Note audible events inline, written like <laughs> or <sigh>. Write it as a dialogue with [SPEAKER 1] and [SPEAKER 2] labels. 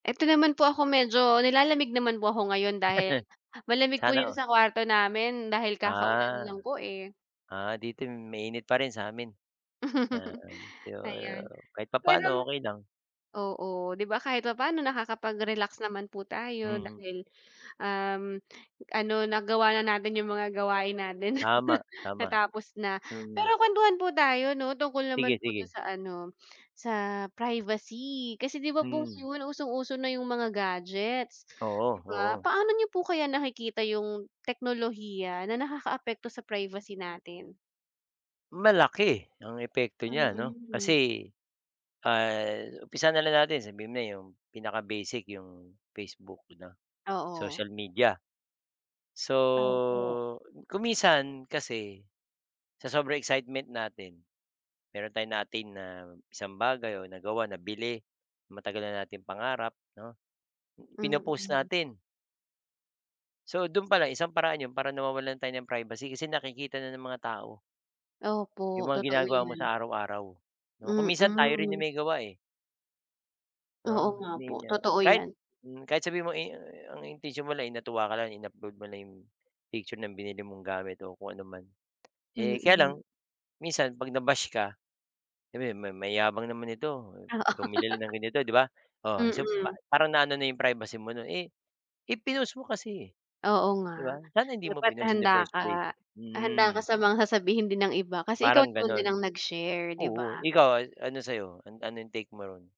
[SPEAKER 1] Eto naman po ako medyo nilalamig naman po ako ngayon dahil,
[SPEAKER 2] <chuckles>
[SPEAKER 1] malamig po
[SPEAKER 2] Sana
[SPEAKER 1] yung
[SPEAKER 2] all.
[SPEAKER 1] sa kwarto namin dahil kaka-ulan
[SPEAKER 2] Ah.
[SPEAKER 1] lang po, eh.
[SPEAKER 2] Ah, dito mainit pa rin sa amin. Ah,
[SPEAKER 1] <laughs>
[SPEAKER 2] yo
[SPEAKER 1] Ayan.
[SPEAKER 2] kahit
[SPEAKER 1] Pero
[SPEAKER 2] papaano okey lang.
[SPEAKER 1] oo. 'Di ba kahit papano nakakapag-relax naman po tayo
[SPEAKER 2] Mm.
[SPEAKER 1] dahil, um, ano nagawa na natin yung mga gawain natin.
[SPEAKER 2] Tama,
[SPEAKER 1] <chuckles>
[SPEAKER 2] tama.
[SPEAKER 1] Natapos na, pero
[SPEAKER 2] Mm.
[SPEAKER 1] kuwentuhan po tayo 'no, tungkol naman po 'to
[SPEAKER 2] Sige-sige.
[SPEAKER 1] sa ano, sa privacy, kasi 'di ba po
[SPEAKER 2] Hmm.
[SPEAKER 1] ngayon usong-uso na yung mga gadgets,
[SPEAKER 2] Oo
[SPEAKER 1] 'di ba?
[SPEAKER 2] oo.
[SPEAKER 1] Paano niyo po kaya nakikita yung teknolohiya na nakaka-apekto sa privacy natin?
[SPEAKER 2] Malaki ang epekto niya 'no
[SPEAKER 1] Mm.
[SPEAKER 2] kasi, ah, umpisahan na lang natin sabihin mo na yung pinaka-basic yung Facebook 'no,
[SPEAKER 1] Oo.
[SPEAKER 2] social media. So,
[SPEAKER 1] Opo.
[SPEAKER 2] kung minsan, kasi, sa sobrang excitement natin, meron tayong na-attain na isang bagay o nagawa, nabili, matagal na nating pangarap, 'no? Pino-post
[SPEAKER 1] Mm.
[SPEAKER 2] natin. So dun palang isang paraan yun para nawawalan tayo ng privacy kasi nakikita na ng mga tao yung
[SPEAKER 1] Opo,
[SPEAKER 2] mga
[SPEAKER 1] totoo
[SPEAKER 2] ginagawa mo sa
[SPEAKER 1] yan.
[SPEAKER 2] araw-araw, 'no? Kung minsan tayo rin yung
[SPEAKER 1] Mm.
[SPEAKER 2] may gawa, eh.
[SPEAKER 1] Oo
[SPEAKER 2] 'No?
[SPEAKER 1] nga po,
[SPEAKER 2] Ninyo.
[SPEAKER 1] totoo
[SPEAKER 2] Kahit
[SPEAKER 1] yan.
[SPEAKER 2] mhm, kahit sabihin mong i i ang intensyon mo lang ay natuwa ka lang in-upload mo lang yung picture ng binili mong gamit o kung ano man. Eh, kaya lang,
[SPEAKER 1] Mm.
[SPEAKER 2] minsan 'pag na-bash ka, sabihin may "Mayabang naman nito,
[SPEAKER 1] Oo.
[SPEAKER 2] bumili lang ng ganito" 'di ba? Oh, so pa
[SPEAKER 1] Mm.
[SPEAKER 2] parang naano na yung privacy mo nun. Eh eh, pinost mo kasi, eh.
[SPEAKER 1] Oo
[SPEAKER 2] 'Di ba?
[SPEAKER 1] nga.
[SPEAKER 2] Sana hindi mo
[SPEAKER 1] Dapat
[SPEAKER 2] pinost in the
[SPEAKER 1] handa
[SPEAKER 2] first
[SPEAKER 1] ka,
[SPEAKER 2] place.
[SPEAKER 1] handa ka
[SPEAKER 2] Hmm.
[SPEAKER 1] sa mga sasabihin din ng iba kasi ikaw
[SPEAKER 2] Parang
[SPEAKER 1] naman din ang
[SPEAKER 2] gano'n.
[SPEAKER 1] nag-share, 'di
[SPEAKER 2] Oo,
[SPEAKER 1] ba?
[SPEAKER 2] ikaw a ano sa 'yo? An anong take mo ron?